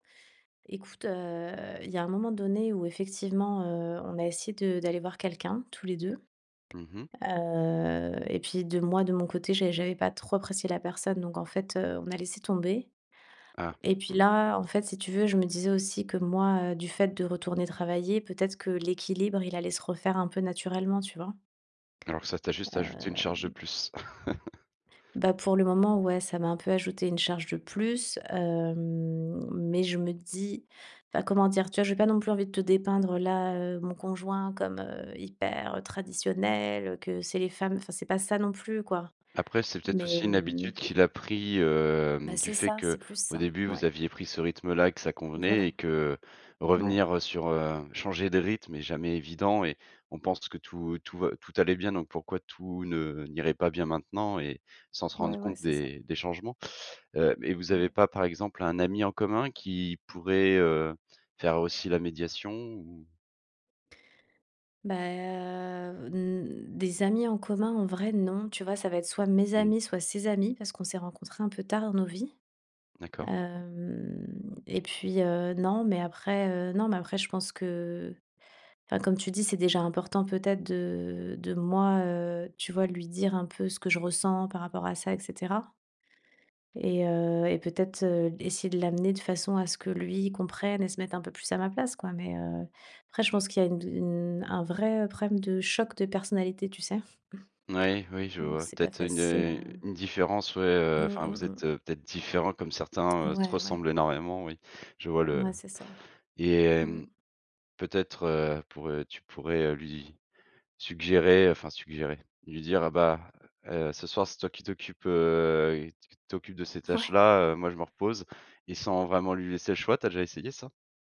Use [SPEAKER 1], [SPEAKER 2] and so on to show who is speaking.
[SPEAKER 1] Écoute, heu, il y a un moment donné où effectivement, heu, on a essayé de d'aller voir quelqu'un tous les 2.
[SPEAKER 2] Mmh mh.
[SPEAKER 1] Heu et puis de moi, de mon côté, j'ai j'avais pas trop apprécié la personne. Donc en fait, heu, on a laissé tomber
[SPEAKER 2] Ah,
[SPEAKER 1] et puis
[SPEAKER 2] mmh.
[SPEAKER 1] là, en fait, si tu veux, je me disais aussi que moi, heu, du fait de retourner travailler, peut-être que l'équilibre, il allait se refaire un peu naturellement, tu vois?
[SPEAKER 2] Alors ça t'a juste ajouté une charge de
[SPEAKER 1] Hem
[SPEAKER 2] plus.
[SPEAKER 1] Bah pour le moment, ouais, ça m'a un peu ajouté une charge de plus, hem, mais je me dis heu, comment dire? Tu vois, je vais pas non plus envie de te dépeindre là, heu, mon conjoint comme hyper, heu, traditionnel, que c'est les femmes enfin c'est pas ça non plus quoi.
[SPEAKER 2] Après, c'est peut-être
[SPEAKER 1] Mais,
[SPEAKER 2] aussi une
[SPEAKER 1] hem
[SPEAKER 2] habitude qu'il a pris, hem,
[SPEAKER 1] Bah
[SPEAKER 2] du
[SPEAKER 1] c'est
[SPEAKER 2] fait
[SPEAKER 1] ça, c'est plus
[SPEAKER 2] qu'au
[SPEAKER 1] ça.
[SPEAKER 2] début, vous
[SPEAKER 1] Ouais.
[SPEAKER 2] aviez pris ce rythme-là et que ça
[SPEAKER 1] Voilà.
[SPEAKER 2] convenait et que
[SPEAKER 1] Ouais.
[SPEAKER 2] revenir, heu, sur, heu, changer de rythme est jamais évident et on pense que tout tout va tout allait bien, donc pourquoi tout ne n'irait pas bien maintenant et sans se rendre
[SPEAKER 1] Ouais, ouais,
[SPEAKER 2] compte
[SPEAKER 1] c'est ça.
[SPEAKER 2] des des changements. Heu et vous avez
[SPEAKER 1] Ouais.
[SPEAKER 2] pas, par exemple, un ami en commun qui pourrait, heu, faire aussi la médiation ou?
[SPEAKER 1] Bah, heu, n des amis en commun en vrai, non, tu vois? Ça va être soit mes
[SPEAKER 2] Mmh.
[SPEAKER 1] amis, soit ses amis parce qu'on s'est rencontrés un peu tard dans nos vies.
[SPEAKER 2] D'accord.
[SPEAKER 1] Hem et puis, heu, non, mais après, heu, non, mais après, je pense que enfin comme tu dis, c'est déjà important, peut-être, de de moi, heu, tu vois, lui dire un peu ce que je ressens par rapport à ça et cetera et heu et peut-être, heu, essayer de l'amener de façon à ce que lui comprenne et se mette un peu plus à ma place, quoi. Mais, heu, après, je pense qu'il y a une dou une un vrai, heu, problème de choc de personnalité, tu sais?
[SPEAKER 2] Moui, oui, je
[SPEAKER 1] Donc
[SPEAKER 2] vois
[SPEAKER 1] c'est pas
[SPEAKER 2] peut-être une,
[SPEAKER 1] facile,
[SPEAKER 2] heu,
[SPEAKER 1] heu
[SPEAKER 2] une différence, ouais, heu,
[SPEAKER 1] Mmh,
[SPEAKER 2] enfin
[SPEAKER 1] mmh,
[SPEAKER 2] vous êtes
[SPEAKER 1] mmh.
[SPEAKER 2] peut-être différents comme certains, heu, se
[SPEAKER 1] Ouais, ouais.
[SPEAKER 2] ressemble énormément, oui, je vois le
[SPEAKER 1] Ouais, c'est ça,
[SPEAKER 2] et
[SPEAKER 1] mmh.
[SPEAKER 2] hem, peut-être pourrais tu pourrais lui suggérer, enfin suggérer, lui dire, heu, bah: «Heu, ce soir, c'est toi qui t'occupes, heu, qui t'occupes de ces
[SPEAKER 1] Ouais.
[SPEAKER 2] tâches-là, heu, moi je me repose». Et sans vraiment lui laisser le choix, tu as déjà essayé ça?